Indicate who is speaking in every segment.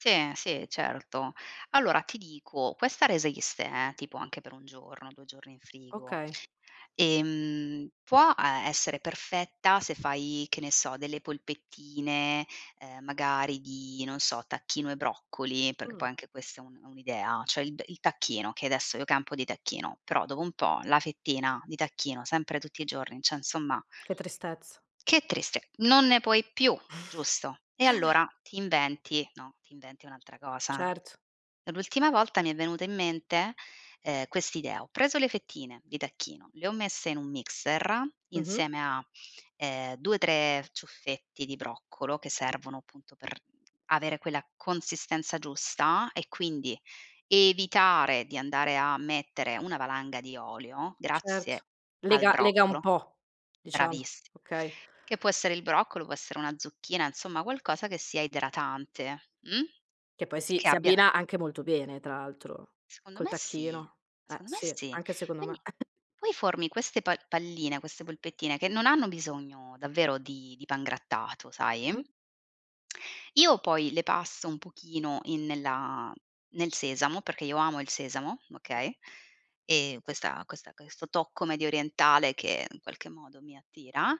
Speaker 1: Sì, sì, certo. Allora ti dico, questa resiste, eh, tipo anche per un giorno, 2 giorni in frigo.
Speaker 2: Okay.
Speaker 1: Ehm, può a essere perfetta se fai, che ne so, delle polpettine, ehm, magari di, non so, tacchino e broccoli, perché
Speaker 2: Mh.
Speaker 1: poi anche questa è un è un'idea, cioè, il il tacchino, che adesso io campo di tacchino, però dopo un po' la fettina di tacchino, sempre tutti i giorni, cioè, insomma,
Speaker 2: Che tristezza.
Speaker 1: che triste! Non ne puoi più, giusto? E allora ti inventi, no, ti inventi un'altra cosa.
Speaker 2: Certo.
Speaker 1: L'ultima volta mi è venuta in mente, ehm, quest'idea. Ho preso le fettine di tacchino, le ho messe in un mixer
Speaker 2: Mh-mh.
Speaker 1: insieme a, ehm, 2, 3 ciuffetti di broccolo che servono appunto per avere quella consistenza giusta e quindi evitare di andare a mettere una valanga di olio
Speaker 2: Certo,
Speaker 1: grazie al
Speaker 2: lega lega un
Speaker 1: broccolo,
Speaker 2: po', diciamo,
Speaker 1: bravissimo.
Speaker 2: okay.
Speaker 1: Che può essere il broccolo, può essere una zucchina, insomma, qualcosa che sia idratante, mh?
Speaker 2: Che poi si
Speaker 1: Che
Speaker 2: si
Speaker 1: abbia
Speaker 2: abbina anche molto bene, tra l'altro,
Speaker 1: Secondo
Speaker 2: col
Speaker 1: me sì,
Speaker 2: tacchino. Eh,
Speaker 1: secondo me
Speaker 2: sì,
Speaker 1: sì.
Speaker 2: anche secondo me.
Speaker 1: Quindi
Speaker 2: [unintelligible]
Speaker 1: poi formi queste pa palline, queste polpettine che non hanno bisogno davvero di di pangrattato, sai.
Speaker 2: Mh-mh.
Speaker 1: Io poi le passo un pochino in nella nel sesamo, perché io amo il sesamo,
Speaker 2: M
Speaker 1: okay, e questa questa questo tocco mediorientale che in qualche modo mi attira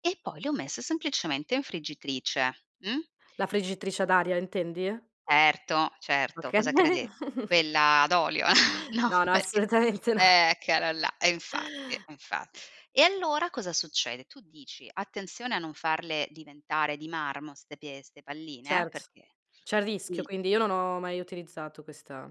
Speaker 1: e poi le ho messe semplicemente in friggitrice, mh?
Speaker 2: La friggitrice ad aria, intendi?
Speaker 1: Certo, certo.
Speaker 2: Okay.
Speaker 1: Cosa crede quella ad olio? No,
Speaker 2: No, no,
Speaker 1: perché,
Speaker 2: assolutamente no.
Speaker 1: eccola là. E infatti, infa e allora cosa succede? Tu dici, attenzione a non farle diventare di marmo ste pie ste palline,
Speaker 2: Certo,
Speaker 1: perché
Speaker 2: c'è il rischio,
Speaker 1: sì.
Speaker 2: quindi io non ho mai utilizzato questa